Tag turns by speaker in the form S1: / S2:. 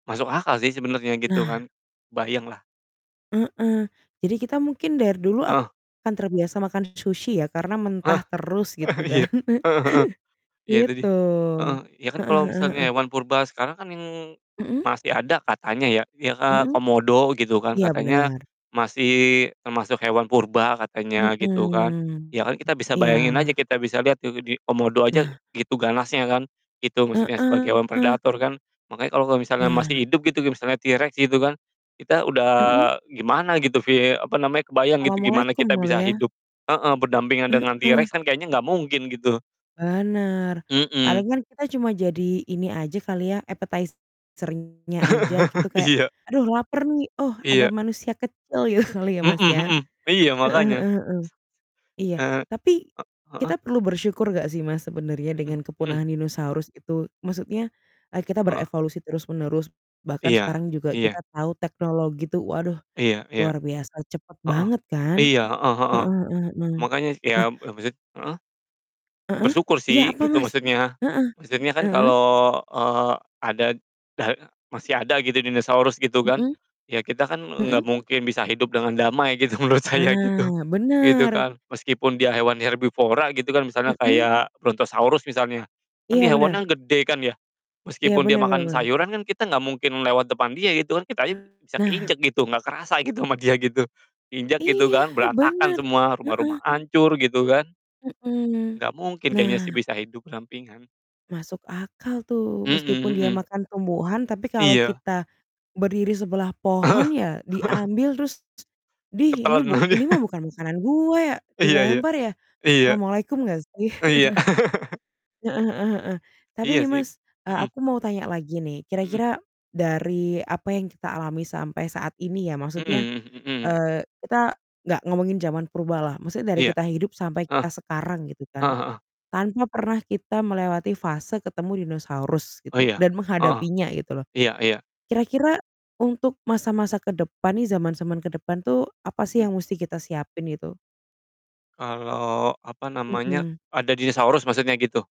S1: Masuk akal sih sebenernya gitu
S2: Nah.
S1: kan, bayang lah.
S2: Heeh, jadi kita mungkin dari dulu
S1: Heeh.
S2: akan terbiasa makan sushi ya, karena
S1: Eh,
S2: mentah terus,
S1: eh,
S2: gitu kan.
S1: iya, heeh heeh. Ya tadi
S2: Gitu.
S1: heeh, ya kan
S2: Heeh
S1: kalo
S2: heeh
S1: misalnya
S2: heeh.
S1: hewan purba sekarang kan, yang
S2: Mhm.
S1: masih ada katanya ya, ya, eee,
S2: Mhm?
S1: komodo gitu kan,
S2: Iya,
S1: katanya
S2: benar.
S1: masih termasuk hewan purba, katanya gitu kan.
S2: Mmm.
S1: Ya kan kita bisa
S2: Iya.
S1: bayangin aja, kita bisa liat tuh di komodo aja,
S2: Nah.
S1: gitu ganasnya kan, gitu, maksudnya sebagai hewan
S2: Heeh.
S1: predator kan. Makanya kalo kalo misalnya masih
S2: Nah.
S1: hidup gitu, kayak misalnya T. rex gitu kan, kita udah
S2: Mhm.
S1: gimana gitu, vie apa namanya, kebayang gitu, gimana
S2: Assalamualaikum,
S1: kita bisa
S2: Mulia.
S1: hidup heeh, berdampingan dengan T.
S2: Heeh.
S1: rex kan, kayaknya nggak mungkin gitu.
S2: Benar.
S1: Mhm.
S2: Paling kan kita cuma jadi ini aja kali ya, appetizer-nya aja gitu kayak,
S1: Iya.
S2: "Aduh laper nih, oh, ada
S1: Iya.
S2: manusia kecil," gitu kali ya,
S1: Mhm
S2: Mas, ya.
S1: mhm, iya,
S2: Heeh
S1: makanya.
S2: heeh heeh. Iya,
S1: Eee, e
S2: tapi
S1: heeh?
S2: kita perlu bersyukur nggak sih, Mas, sebenarnya
S1: Mhm
S2: dengan
S1: mhm.
S2: kepunahan dinosaurus itu, maksudnya e kita
S1: Heeh.
S2: berevolusi terus menerus. Bahkan
S1: Iya
S2: sekarang juga kita
S1: iya.
S2: tahu teknologi tuh, waduh,
S1: Iya iya.
S2: luar biasa cepat
S1: Heeh.
S2: banget kan?
S1: Iya, heeh heeh.
S2: Heeh heeh heeh.
S1: Makanya, iya,
S2: Nah
S1: lebih sit heeh?
S2: Heeh?
S1: Bersyukur
S2: Iya,
S1: sih,
S2: apa
S1: gitu
S2: Mas?
S1: maksudnya.
S2: Heeh.
S1: Maksudnya kan kalo,
S2: Heeh.
S1: eee, ada, da masih ada gitu dinosaurus, gitu kan.
S2: Mhm.
S1: Ya kita kan, nggak
S2: Mhm.
S1: mungkin bisa hidup dengan damai gitu, menurut saya gitu,
S2: Nah,
S1: gitu
S2: benar.
S1: kan. Meskipun dia hewan herbivora gitu kan, misalnya
S2: Mhm.
S1: kayak Brontosaurus misalnya, kan
S2: Iya,
S1: dia
S2: benar.
S1: hewannya gede kan ya,
S2: Iya,
S1: meskipun dia
S2: benar benar
S1: makan
S2: benar.
S1: sayuran kan kita nggak mungkin lewat depan dia, gitu kan. Kita aja bisa
S2: Nah.
S1: keinjek gitu, nggak kerasa gitu sama dia gitu, diinjak gitu
S2: Iya,
S1: kan, berantakan
S2: bener.
S1: semua, rumah-rumah
S2: Heeh.
S1: hancur, gitu kan.
S2: Mhm.
S1: Nggak mungkin kayaknya sih
S2: Nah.
S1: bisa hidup berdampingan.
S2: Masuk akal tuh,
S1: Mhm
S2: meskipun dia
S1: mhm.
S2: makan tumbuhan, tapi kalau
S1: Iya.
S2: kita, berdiri sebelah
S1: Heeh.
S2: pohon ya, diambil terus, "Dih ini
S1: Ketelen
S2: buk
S1: aja.
S2: ini mah bukan makanan gue ya?"
S1: Iya iya.
S2: Dilempar ya
S1: Iya.
S2: assalamualaikum nggak sih?
S1: Iya.
S2: Heeh heeh heeh. Tapi
S1: Iya
S2: nih,
S1: sih,
S2: Mas, e
S1: mhm.
S2: aku mau tanya lagi nih,
S1: Mhm.
S2: kira-kira dari apa yang kita alami sampai saat ini ya, maksudnya,
S1: Mhm mhm.
S2: eee, kita nggak ngomongin zaman purba lah, maksudnya dari
S1: Iya.
S2: kita hidup sampai
S1: Heeh.
S2: kita sekarang, gitu kan.
S1: Heeh heeh.
S2: Tanpa pernah kita melewati fase ketemu dinosaurus, gitu,
S1: Iya,
S2: dan
S1: heeh.
S2: menghadapinya, gitu loh.
S1: Iya iya.
S2: Kira-kira untuk masa-masa ke depan nih, zaman-zaman ke depan tuh, apa sih
S1: Mmm.
S2: yang musti kita siapin itu?
S1: Kalo, apa namanya,
S2: Mhm.
S1: ada dinosaurus, maksudnya gitu?